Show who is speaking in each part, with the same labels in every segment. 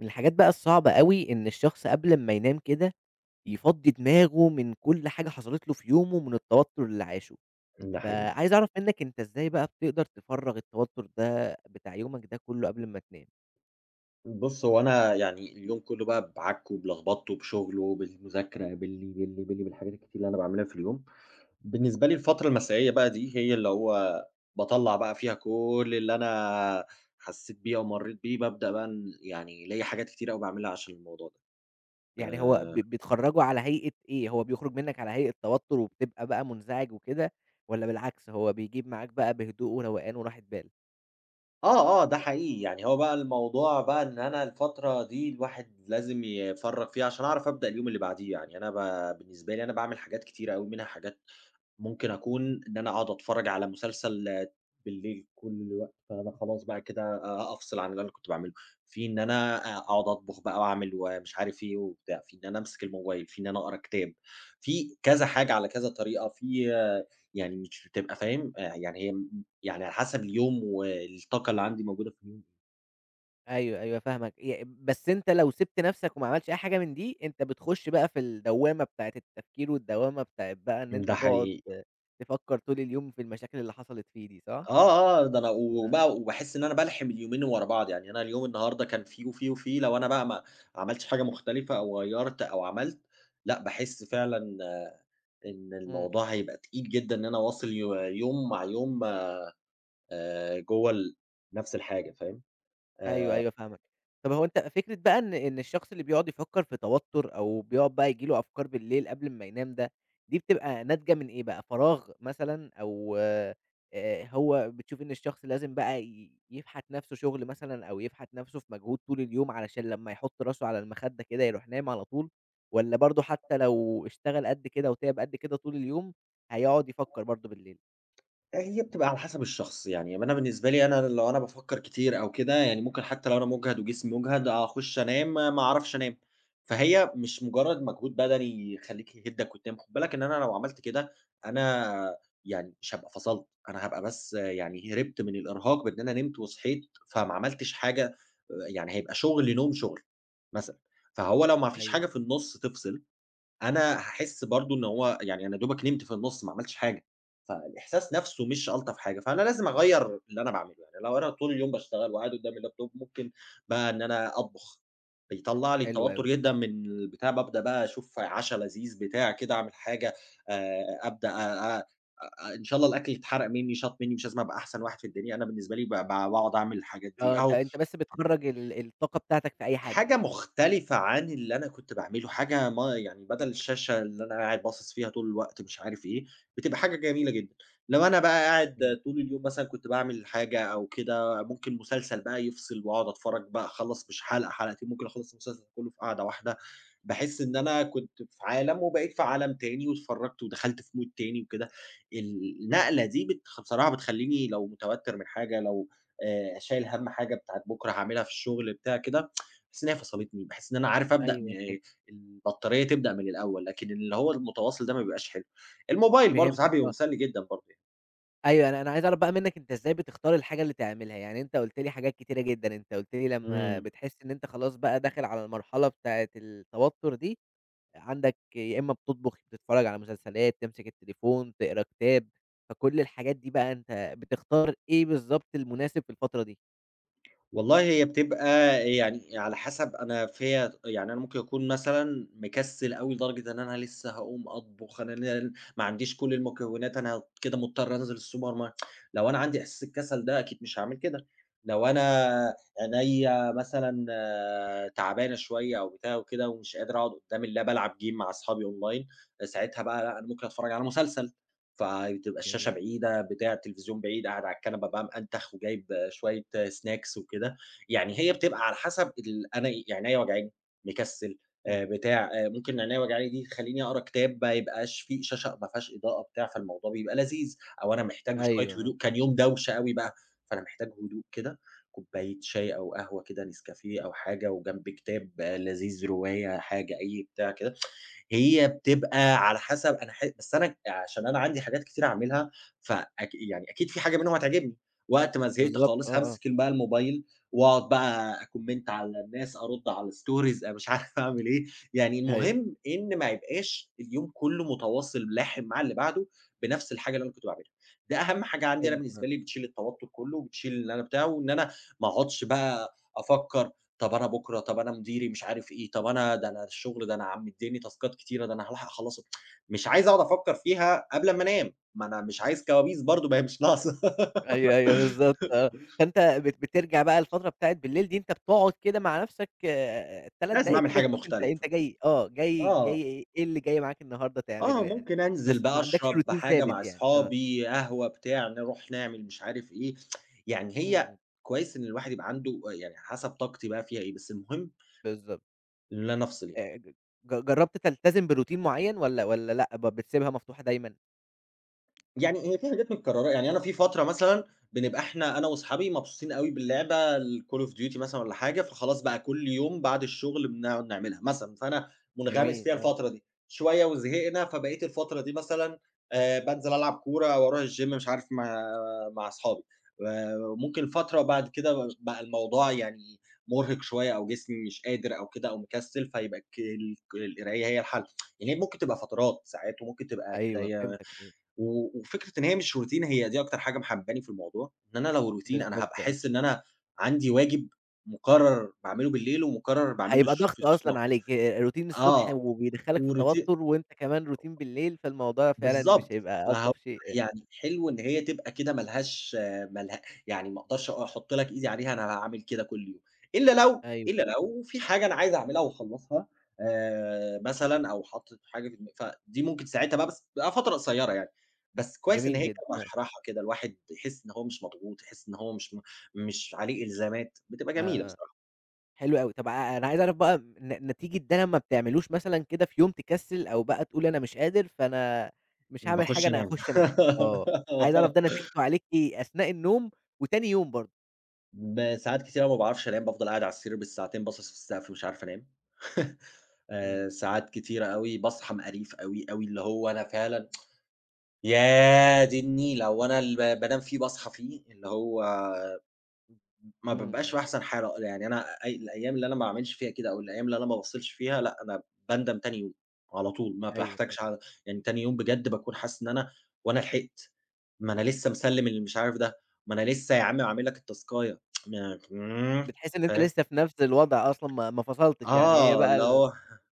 Speaker 1: من الحاجات بقى الصعبة أوي، إن الشخص قبل ما ينام كده يفضِّي دماغه من كل حاجة حصَلِت له في يومه، من التوتُّر اللي عاشه.
Speaker 2: ده حقيقي.
Speaker 1: فعايِز أعرَف مِنَّك، أنتَ إزاي بقى بتقدَر تفرّغ التوتُّر ده، بتاع يومَك ده كلّه، قبل ما تنام؟
Speaker 2: بُص، هو أنا يعني، اليوم كله بقى، بعكِه وبلخبِطه بشغّله وبالمذاكرة، باللي، باللي، باللي، بالحاجات الكتير اللي أنا باعملها في اليوم. بالنسبة لي الفترة المسائية بقى دي هي اللي هو باطلَّع بقى فيها كل اللي أنا حسِّيت بيه أو مرِّيت بيه. بابدأ بقى يعني، ليّا حاجات كتيرة أوي باعملها عشان الموضوع ده.
Speaker 1: يعني هو ب
Speaker 2: آآ
Speaker 1: بتخرجه على هيئة إيه؟ هو بيخرُج مِنَّك على هيئة توتُّر وبتبقى بقى منزعج وكده؟ والّا بالعكس هو بيجيب معاك بقى بهدوء وروقان وراحة بال؟
Speaker 2: آه آه، ده حقيقي. يعني هو بقى الموضوع بقى إن أنا الفترة دي الواحد لازِم يفرّغ فيها، عشان أعرف أبدأ اليوم اللي بعديه يعني. أنا ب بالنسبة لي، أنا باعمل حاجات كتيرة أوي، منها حاجات ممكن أكون إن أنا أقعُد أتفرَّج على مسلسل بالليل كل الوقت، فأنا خلاص بقى كده أ أفصل عن اللي أنا كنت باعمله. في إن أنا أ أقعُد أطبُخ بقى وأعمل ومش عارِف إيه وبتاع، في إن أنا أمسك الموبايل، في إن أنا أقرَأ كتاب، في كذا حاجة على كذا طريقة، في يعني مش بتبقى فاهم؟ يعني هي م يعني على حسَب اليوم والطاقة اللي عندي موجودة في اليوم.
Speaker 1: أيوه أيوه فاهمك، ي بس أنت لو سِبْت نَفْسك وما عملتش أي حاجة من دي أنت بتخش بقى في الدوّامة بتاعة التفكير والدوّامة بتاعة بقى إن أنت
Speaker 2: ده
Speaker 1: تقعد
Speaker 2: حقيقي.
Speaker 1: آآ، تفكَّر طول اليوم في المشاكل اللي حصلت فيه دي، صح؟
Speaker 2: آه، آه، ده أنا
Speaker 1: أ
Speaker 2: وبقى وباحس إن أنا بالْحِم اليومين ورا بعض، يعني أنا اليوم النهارده كان فيه وفيه وفيه، لو أنا بقى ما عملتش حاجة مختلفة أو غيَّرت أو عملت، لأ باحس فعلًا إن
Speaker 1: إمم.
Speaker 2: الموضوع هيبقى تقيل جدًا إن أنا أواصِل يو يوم مع يوم، آآ، جوه ال نَفس الحاجة، فاهم؟
Speaker 1: أيوه
Speaker 2: آآ.
Speaker 1: أيوه فاهمك، طَب هو أنت فكرة بقى إن إن الشخص اللي بيقعد يفكَّر في توتُّر أو بيقعد بقى ييجي له أفكار بالليل قبل امّا ينام ده، دي بتبقى ناتجة من إيه بقى؟ فراغ مثلًا أو آآ، هو بتشوف إن الشخص لازم بقى ي يفْحَت نَفْسه شُغل مثلًا أو يفْحَت نَفْسه في مجهود طول اليوم علشان لمّا يحُط راسه على المخدّة كده يروح نايم على طول، والّا برضو حتى لو اشتغل قدّ كده وتِعب قدّ كده طول اليوم هيقعد يفكَّر برضو بالليل؟
Speaker 2: هي بتبقى على حسب الشخص، يعني ما أنا بالنسبة لي أنا لو أنا بافكر كتير أو كده يعني مُمكن حتى لو أنا مُجْهد وجسمي مُجْهد أخش أنام ما أعرفش أنام، فهي مش مجرّد مجهود بدني يخلّيك يهدَّك وتنام، خُد بالك إن أنا لو عملت كده أنا يعني مش هابقى فَصَلت، أنا هابقى بس يعني هربت من الإرهاق بإن أنا نمت وصحيت، فما عملتش حاجة، يعني هيبقى شغل نوم شغل مثلًا، فهو لو ما فيش
Speaker 1: أيوه.
Speaker 2: حاجة في النُص تفْصِل أنا هاحس برضو إن هو يعني أنا يا دُوبَك نمت في النُص ما عملتش حاجة، فالإحساس نَفْسه مش ألطف حاجة، فأنا لازم أغيّر اللي أنا باعمله، يعني لو أنا طول اليوم باشتغل وقاعد قدام الlaptop مُمكن بقى إن أنا أطبخ، بيطلَّع لي
Speaker 1: حلو أوي،
Speaker 2: التوتر جدًا
Speaker 1: آه.
Speaker 2: من البتاع، بابدأ بقى أشوف عشا لذيذ بتاع كده أعمل حاجة، آآ، أبدأ آآ، آآ، إن شاء الله الأكْل يتحرق مني شاط مني مش لازم أبقى أحسن واحد في الدنيا، أنا بالنسبة لي ب ب باقعد أعمل الحاجات دي،
Speaker 1: آه، أنت
Speaker 2: أهو
Speaker 1: أنت بس بتخرَّج ال الطاقة بتاعتك في أي حاجة.
Speaker 2: حاجة مختلفة عن اللي أنا كنت باعمله، حاجة ما يعني بدل الشاشة اللي أنا قاعد باصِص فيها طول الوقت مش عارف إيه، بتبقى حاجة جميلة جدًا. لو أنا بقى
Speaker 1: إمم.
Speaker 2: قاعد طول اليوم مثلًا كنت باعمل حاجة أو كده، ممكن مسلسل بقى يفْصِل وأقعد أتفرج بقى أخلّص مش حلقة حلقتين، ممكن أخلّص المسلسل كلّه في قعدة واحدة، باحس إن أنا كنت في عالَم وبقيت في عالَم تاني واتفرجت ودخلت في mood تاني وكده، النقلة دي بتخ بصراحة بتخلّيني لو مُتَوتّر من حاجة، لو آآ، شايل هَم حاجة بتاعة بُكرة هاعملها في الشغل بتاع كده، باحس إنها فصلتني، باحس إن أنا عارف أبدأ من
Speaker 1: أيوه كده.
Speaker 2: البطارية تبدأ من الأول، لكن اللي هو المتواصل ده ما بيبقاش حلو، الموبايل برضو ساعات
Speaker 1: فهمتك
Speaker 2: بيبقى
Speaker 1: آه.
Speaker 2: مُسلّي جدًا برضو يعني.
Speaker 1: أيوه، أنا أنا عايِز أعرف بقى مِنَّك، أنتَ إزاي بتختار الحاجة اللي تعملها؟ يعني أنتَ قُلت لي حاجات كتيرة جدًا، أنتَ قُلت لي لمَّا
Speaker 2: إمم.
Speaker 1: بتحس إن أنتَ خلاص بقى داخل على المرحلة بتاعة التوتُّر دي، عندَك يا إمَّا بتطبُخ، يا بتتفرَّج على مسلسلات، تمسك التليفون، تقرَأ كتاب. فكل الحاجات دي بقى، أنتَ بتختار إيه بالضبط المناسِب في الفترة دي؟
Speaker 2: والله، هي بتبقى يعني على حسَب أنا فيَّا يعني، أنا ممكن أكون مثلًا مكسَل أوي، لدرجة إن أنا لسّه هاقوم أطبُخ، أنا لل ما عنديش كل المكونات، أنا كده مضطر أنزِل الsupermarket. لو أنا عندي إحساس الكسَل ده، أكيد مش هاعمل كده. لو أنا عينيّا مثلًا تعبانة شوية أو بتاع وكده، ومش قادِر أقعُد قُدَّام اللاب، ألعب game مع أصحابي online، فساعتها بقى، لا، أنا ممكن أتفرَّج على مسلسل. فتبقى الشاشة
Speaker 1: جميل.
Speaker 2: بعيدة، بتاع التليفزيون بعيد، قاعد على الكنبة بقى، مأنتخ، وجايِب شوية snacks وكده. يعني هي بتبقى على حسَب ال أنا يعني، عينيّا وجعاني، مكسَل،
Speaker 1: إمم.
Speaker 2: آآ بتاع. ممكن عينيّا وجعاني دي تخلِّيني أقرَأ كتاب، ما يبقاش فيه شاشة ما فيهاش إضاءة بتاع، فالموضوع بيبقى لذيذ. أو أنا محتاج شوية
Speaker 1: أيوه، آه.
Speaker 2: هدوء، كان يوم دوشة أوي بقى، فأنا محتاج هدوء كده. كوباية شاي أو قهوة كده، نسكافيه أو حاجة، وجنبِي كتاب لذيذ، رواية، حاجة أي بتاع كده. هي بتبقى على حسَب أنا ح بس أنا عشان أنا عندي حاجات كتيرة أعمَلها، فأك يعني أكيد في حاجة منهم هتعجبني. وقت ما زهقت
Speaker 1: بالضبط، آه
Speaker 2: خالِص،
Speaker 1: آه.
Speaker 2: هامسِك بقى الموبايل وأقعد بقى أcomment على الناس، أرُدّ على stories، مش عارِف أعمَل إيه. يعني
Speaker 1: أيوه.
Speaker 2: المهم إن ما يبقاش اليوم كله متواصل لاحِم مع اللي بعده، بنفس الحاجة اللي أنا كنت باعملها. ده أهَمّ حاجة عندي أنا،
Speaker 1: تاني آه.
Speaker 2: بالنسبة لي، بتشيل التوتُّر كله وبتشيل اللي أنا بتاع. وإن أنا ما أقعُدش بقى أفكر "طب أنا بُكرة، طب أنا مديري، مش عارِف إيه، طب أنا ده أنا الشغل، ده أنا عم مدِّيني تاسكات كتيرة، ده أنا هارُوح أخلَص" مش عايِز أقعد أفكر فيها قبل ما أنام. ما أنا مش عايِز كوابيس برضه، ما هي مش ناقِصة.
Speaker 1: أيوه أيوه، بالضبط، آه. فأنتَ بت بترجع بقى الفترة بتاعة بالليل دي، أنتَ بتقعد كده مع نفسَك، آآ، 3
Speaker 2: لازم
Speaker 1: دقايِق
Speaker 2: أعمل
Speaker 1: كده،
Speaker 2: حاجة
Speaker 1: تشوف أنتَ
Speaker 2: مختلفة.
Speaker 1: أنتَ جاي آه، جاي
Speaker 2: آه.
Speaker 1: جاي إيه اللي جاي معاك النهارده تعمله
Speaker 2: آه،
Speaker 1: يعني.
Speaker 2: ممكن أنزل
Speaker 1: بس ما
Speaker 2: بقى
Speaker 1: عندَكش
Speaker 2: أشرب
Speaker 1: routine
Speaker 2: حاجة مع
Speaker 1: ثابِت يعني؟ آه.
Speaker 2: أصحابي، قهوة بتاع، نرُوح نعمَل مش عارِف إيه. يعني
Speaker 1: إمم،
Speaker 2: هي
Speaker 1: إمم.
Speaker 2: كويِس إن الواحد يبقى عنده أ يعني حسب طاقتي بقى فيها إيه. بس المهم
Speaker 1: بالضبط.
Speaker 2: اللي أنا أفصل ي
Speaker 1: آآ، ج جرَّبت تلتزم بroutine معيَّن، والّا والّا لأ، ب بتسيبها مفتوحة دايمًا؟
Speaker 2: يعني هي فيه حاجات متكرّرة، يعني أنا فيه فترة مثلًا بنبقى إحنا أنا واصحابي مبسوطين أوي باللعبة الCall of Duty مثلًا والَّا حاجة، فخلاص بقى كُلّ يوم بعد الشغل بنقعد نعملها مثلًا، فأنا مُنغمِس فيها
Speaker 1: جميل، آه.
Speaker 2: الفترة دي، شوية وزهقنا، فبقيت الفترة دي مثلًا، آآ، بانزل ألعب كورة أو أروح الgym مش عارف مع مع اصحابي، آآ، ممكن فترة بعد كده بقى الموضوع يعني مُرهق شوية، أو جسمي مش قادر أو كده أو مكسِّل، فيبقى الك الك القراية هي الحل، يعني هي ممكن تبقى فترات ساعات وممكن تبقى
Speaker 1: أيوه،
Speaker 2: قراية
Speaker 1: فهمتك أكيد.
Speaker 2: و وفكرة إن هي مش routine هي دي أكتر حاجة محبباني في الموضوع، إن أنا لو routine أنا هابقى
Speaker 1: بالضبط، آه.
Speaker 2: أحس إن أنا عندي واجب مكرّر باعملُه بالليل ومكرّر باعملُه
Speaker 1: هيبقى
Speaker 2: [unintelligible] في
Speaker 1: ضغط أصلًا
Speaker 2: الصبح،
Speaker 1: عليك آآ، routine الصبح
Speaker 2: آه
Speaker 1: وبيدخّلك في
Speaker 2: وrouti
Speaker 1: توتر، وأنت كمان routine بالليل فالموضوع فعلًا مش
Speaker 2: بالضبط،
Speaker 1: هيبقى
Speaker 2: فهو
Speaker 1: ألطف شيء أ
Speaker 2: يعني حلو إن هي تبقى كده ما لهاش ما له يعني ما أقدرش أحط لك إيدي عليها أنا هاعمل كده كُلّ يوم، إلّا لو
Speaker 1: أيوه.
Speaker 2: إلّا لو في حاجة أنا عايز أعملها وأخلّصها آآ، مثلًا أو حاطط حاجة في دما فدي ممكن ساعتها بقى بس بيبقى فترة قصيرة يعني، بس كويس إن
Speaker 1: جميل
Speaker 2: هي
Speaker 1: جدًا،
Speaker 2: كانت
Speaker 1: آه.
Speaker 2: مرحرحة كده، الواحد يحس إن هو مش مضغوط، يحس إن هو مش مش عليه الزامات بتبقى جميلة
Speaker 1: آه، آه،
Speaker 2: بصراحة.
Speaker 1: حلو أوي، طَب ع أنا عايز أعرف بقى ن نتيجة ده لمّا ما بتعملوش مثلًا كده في يوم تكسِّل، أو بقى تقول أنا مش قادر، فأنا مش
Speaker 2: امم،
Speaker 1: هاعمل حاجة
Speaker 2: باخُشّ
Speaker 1: أنا
Speaker 2: أنام.
Speaker 1: هاخُشّ أنام، آه عايز أعرف ده نتيجتُه عليك إيه؟ أثناء النوم وتاني يوم برضه؟
Speaker 2: ب ساعات كتيرة أوي ما باعرفش أنام، بافضل قاعد على السرير بالساعتين باصِص في السقف مش عارف أنام.
Speaker 1: إمم.
Speaker 2: آآ، ساعات كتيرة أوي باصحى مقريف أوي، أوي، اللي هو أنا فعلًا يادي النيلة هو أنا اللي ب بانام فيه باصحى فيه، اللي هو ما
Speaker 1: إمم،
Speaker 2: بابقاش
Speaker 1: إمم.
Speaker 2: في أحسن حالة. يعني أنا أي الأيام اللي أنا ما أعملش فيها كده أو الأيام اللي أنا ما بافصلش فيها، لأ أنا باندم تاني يوم، على طول ما
Speaker 1: أيوه
Speaker 2: باحتاجش
Speaker 1: ف
Speaker 2: [unintelligible] يعني تاني يوم بجد باكون حاسس إن أنا هو أنا لحقت. ما أنا لسه مسلم المش عارف ده. ما أنا لسه يا عم عامل لك التاسكاية
Speaker 1: بتحس إن أنت
Speaker 2: فاهم؟
Speaker 1: لسه في نفس الوضع أصلًا ما ما فصلتش، يعني هي
Speaker 2: آه،
Speaker 1: بقى
Speaker 2: اللي
Speaker 1: ال
Speaker 2: هو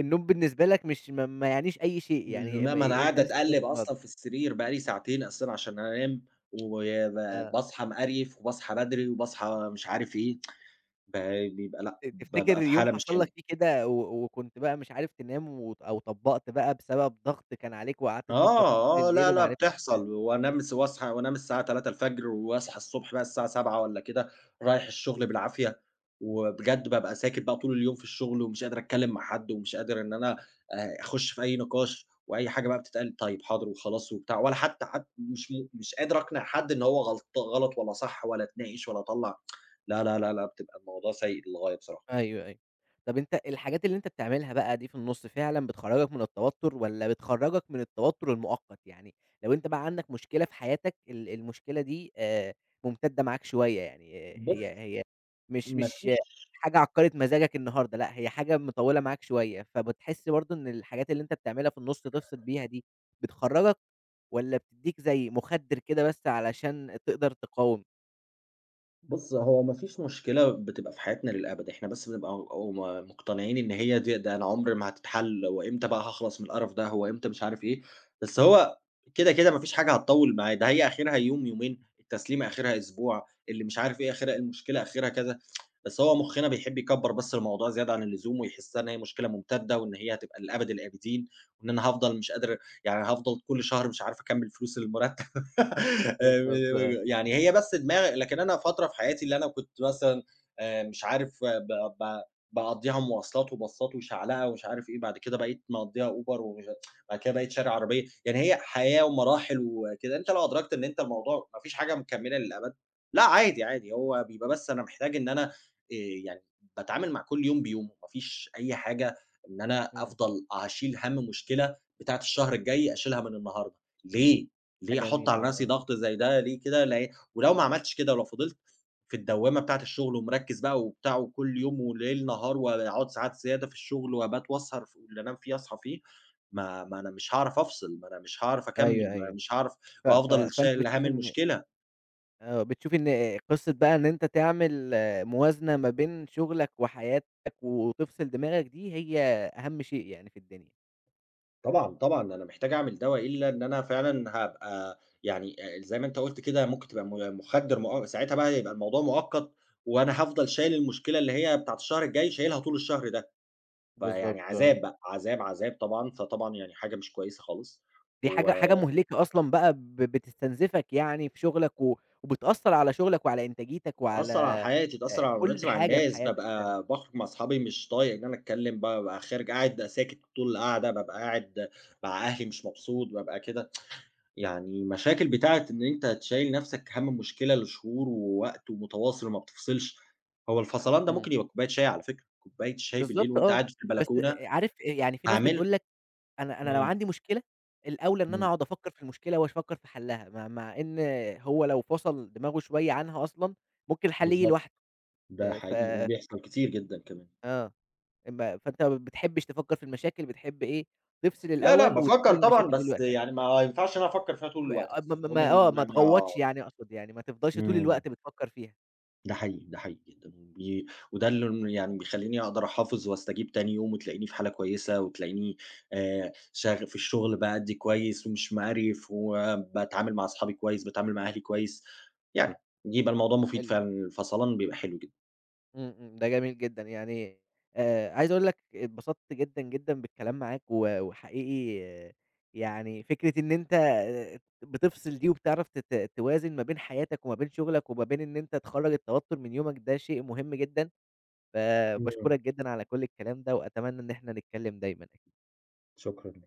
Speaker 1: النوم بالنسبة لك مش م ما يعنيش أي شيء، يعني إم
Speaker 2: ما ما أنا
Speaker 1: أنت
Speaker 2: قاعد
Speaker 1: لسه في نفس
Speaker 2: أتقلّب
Speaker 1: الوضع.
Speaker 2: أصلًا في السرير بقى لي ساعتين أصلًا عشان أنام. وب
Speaker 1: آه.
Speaker 2: باصحى مقريف وباصحى بدري وباصحى مش عارف إيه. بيبقى لأ،
Speaker 1: ت
Speaker 2: بابقى
Speaker 1: تفتكر
Speaker 2: في
Speaker 1: يوم
Speaker 2: حالة مش
Speaker 1: حصل
Speaker 2: حلوة.
Speaker 1: لك فيه كده، و وكنت بقى مش عارف تنام، و أو طبقت بقى بسبب ضغط كان عليك وقعدت تفكر فيه طول
Speaker 2: آه، آه،
Speaker 1: الليل
Speaker 2: لأ، لأ
Speaker 1: ومعرفتش ت
Speaker 2: بتحصل. وأنام وأصحى وأنام الساعة 03:00 وأصحى الصبح بقى الساعة 07:00 والَّا كده رايح الشغل بالعافية. وبجد بابقى ساكت بقى طول اليوم في الشغل ومش قادر أتكلم مع حد ومش قادر إن أنا أ أخش في أي نقاش وأي حاجة بقى بتتقال طيب حاضر وخلاص وبتاع، ولا حتى حت مش مش قادر أقنع حد إن هو غلط غلط والَّا صح والَّا أتناقش والَّا أطلّع لأ، لأ، لأ، لأ، بتبقى الموضوع سيء للغاية بصراحة.
Speaker 1: أيوه، أيوه. طَب أنت الحاجات اللي أنت بتعملها بقى دي في النُص فعلًا بتخرجك من التوتر، والَّا بتخرجك من التوتر المؤقت؟ يعني لو أنت بقى عندك مشكلة في حياتك ال المشكلة دي آآ، مُمتدة معاك شوية يعني، هي
Speaker 2: بُص
Speaker 1: هي مش
Speaker 2: ما
Speaker 1: مش
Speaker 2: فيش
Speaker 1: حاجة عكرِت مزاجك النهارده لأ، هي حاجة مطولة معاك شوية، فبتحس برضه إن الحاجات اللي أنت بتعملها في النُص تفصل بيها دي بتخرّجك؟ والَّا بتديك زي مُخدر كده بس علشان تقدر تقاوم؟
Speaker 2: بُصّ، هو ما فيش مشكلة بتبقى في حياتنا للأبد، إحنا بس بنبقى أو م مقتنعين إن هي دي ده أنا عمري ما هتتحل، هو امتى بقى هاخلَص من القرف ده؟ هو امتى مش عارف إيه؟ بس هو كده، كده، ما فيش حاجة هتطوِّل معاه، ده هي آخرها يوم يومين، التسليمة آخرها أسبوع، اللي مش عارف إيه آخرها المشكلة آخرها كذا. بس هو مخنا بيحب يكبّر بس الموضوع زيادة عن اللزوم ويحسها إن هي مشكلة ممتدة وإن هي هتبقى لأبد الآبدين، وإن أنا هافضَل مش قادر يعني هافضَل كُلّ شهر مش عارف أكمِّل فلوس المرتب. آآ،
Speaker 1: بالضبط آه.
Speaker 2: [unintelligible] يعني هي بس دماغ لكن أنا فترة في حياتي اللي أنا كنت مثلًا آآ، مش عارف ب ب باقضّيها مواصلات وباصات وشعلقة ومش عارف إيه، بعد كده بقيت مقضّيها Uber و [unintelligible] بعد كده بقيت شاري عربية. يعني هي حياة ومراحل وكده، أنت لو أدركت إن أنت الموضوع ما فيش حاجة مكملة للأبد، لأ عادي عادي هو بيبقى بس أنا محتاج إن أنا آآ يعني باتعامل مع كُلّ يوم بيومه، ما فيش أي حاجة إن أنا
Speaker 1: إمم.
Speaker 2: أفضَل أشيل هَم مشكلة بتاعة الشهر الجاي أشيلها من النهارده، ليه،
Speaker 1: ده
Speaker 2: ليه أحط
Speaker 1: جميل، آه،
Speaker 2: على
Speaker 1: آه،
Speaker 2: نَفْسي
Speaker 1: آه.
Speaker 2: ضغط زي ده؟ ليه كده ل ولو ما عملتش كده، ولو فضِلت في الدوامة بتاعة الشغل ومركِّز بقى وبتاع كُلّ يوم وليل نهار واقعد ساعات زيادة في الشغل وأبات واسهر ف اللي أنام فيه أصحى فيه، ما ما أنا مش هاعرَف أفصِل، ما أنا مش هاعرَف
Speaker 1: أيوه
Speaker 2: أكمّل، ما
Speaker 1: أيوه.
Speaker 2: مش هاعرَف
Speaker 1: ف ف
Speaker 2: وهافضَل
Speaker 1: فأنت
Speaker 2: شايل هَم
Speaker 1: بتشوف إن
Speaker 2: المشكلة.
Speaker 1: آآ بتشوف إن قصّة بقى إن أنت تعمل موازنة ما بين شغلك وحياتك، وتفصل دماغك دي، هي أهم شيء يعني في الدنيا.
Speaker 2: طبعًا، طبعًا، أنا محتاج أعمل ده وإلا إن أنا فعلًا هابقى يعني آآ، زي ما أنت قُلت كده، ممكن تبقى م مُخدِّر مؤ ساعتها بقى هيبقى الموضوع مؤقّت، وأنا هافضل شايل المشكلة اللي هي بتاعة الشهر الجاي شايلها طول الشهر ده، فيعني
Speaker 1: بالضبط آه.
Speaker 2: عذاب بقى، عذاب، عذاب طبعًا، فطبعًا يعني حاجة مش كويسة خالص،
Speaker 1: دي
Speaker 2: و
Speaker 1: حاجة حاجة مهلكة أصلًا بقى ب بتستنزفك يعني في شغلك، و وبتأثّر على شغلك وعلى إنتاجيتك وعلى
Speaker 2: تأثّر على حياتي،
Speaker 1: آآ
Speaker 2: تأثّر على
Speaker 1: كلّ
Speaker 2: معاملاتي مع
Speaker 1: حاجة في
Speaker 2: الناس،
Speaker 1: حياتك فعلًا.
Speaker 2: بابقى باخرج مع اصحابي مش طايق إن أنا أتكلّم، بابقى خارج قاعد بابقى ساكت طول القعدة، بابقى قاعد مع أهلي مش مبسوط، بابقى كده، يعني مشاكل بتاعة إن أنت تشيّل نفْسك هَم مشكلة لشهور ووقت ومتواصل وما بتفصلش، هو الفصلان ده
Speaker 1: إمم.
Speaker 2: ممكن يبقى بكوبّاية شاي على فكرة، كوبّاية شاي بالليل
Speaker 1: بالضبط
Speaker 2: وأنت
Speaker 1: آه،
Speaker 2: قاعد في
Speaker 1: بس
Speaker 2: البلكونة،
Speaker 1: أ أ عارف إيه، يعني فيه ناس
Speaker 2: هاعملها.
Speaker 1: بتقول لك، أنا أنا لو
Speaker 2: إمم.
Speaker 1: عندي مشكلة، الأوْلى إن أنا
Speaker 2: إمم.
Speaker 1: أقعد أفكّر في المشكلة واش فكّر في حلّها، م مع إن هو لو فصل دماغه شوية عنها أصلًا، ممكن الحل ييجي
Speaker 2: بالضبط،
Speaker 1: لوحده،
Speaker 2: ده
Speaker 1: آآ ف
Speaker 2: حقيقي، وبيحصل كتير جدًا كمان.
Speaker 1: آه، إم فأنت ما بتحبش تفكّر في المشاكل، بتحب إيه؟ تفصل
Speaker 2: لا، لأ،
Speaker 1: الأول وتسيب
Speaker 2: بافكّر طبعًا،
Speaker 1: المشاكل دي
Speaker 2: بس
Speaker 1: لوقتها.
Speaker 2: يعني ما ينفعش إن أنا أفكّر فيها طول الوقت
Speaker 1: اع م
Speaker 2: بس،
Speaker 1: م م
Speaker 2: المهم
Speaker 1: آه
Speaker 2: إن
Speaker 1: ما
Speaker 2: أنا
Speaker 1: تغوّطش يعني أقصد يعني، ما تفضلش طول
Speaker 2: امم.
Speaker 1: الوقت بتفكّر فيها.
Speaker 2: ده حقيقي، ده حقيقي جدًا، بي وده اللي ن يعني بيخلّيني أقدر أحافظ واستجيب تاني يوم وتلاقيني في حالة كويسة، وتلاقيني آآ، شغ في الشغل بأدّي كويس ومش مقريف، وباتعامل مع اصحابي كويس، باتعامل مع أهلي كويس، يعني يبقي الموضوع مفيد
Speaker 1: حلو.
Speaker 2: فعلًا، الفصلان بيبقى حلو جدًا.
Speaker 1: امم، امم، ده جميل جدًا يعني، آآ عايز أقول لك اتبسطت جدًا، جدًا بالكلام معاك، و وحقيقي يعني فكرة إن أنت آآ بتفصل دي وبتعرف ت ت توازن ما بين حياتك وما بين شغلك وما بين إن أنت تخرّج التوتر من يومك ده شيء مهم جدًا،
Speaker 2: امم.
Speaker 1: فـباشكرك جدًا على كلّ الكلام ده، وأتمنى إن إحنا نتكلّم دايمًا.
Speaker 2: شكرًا.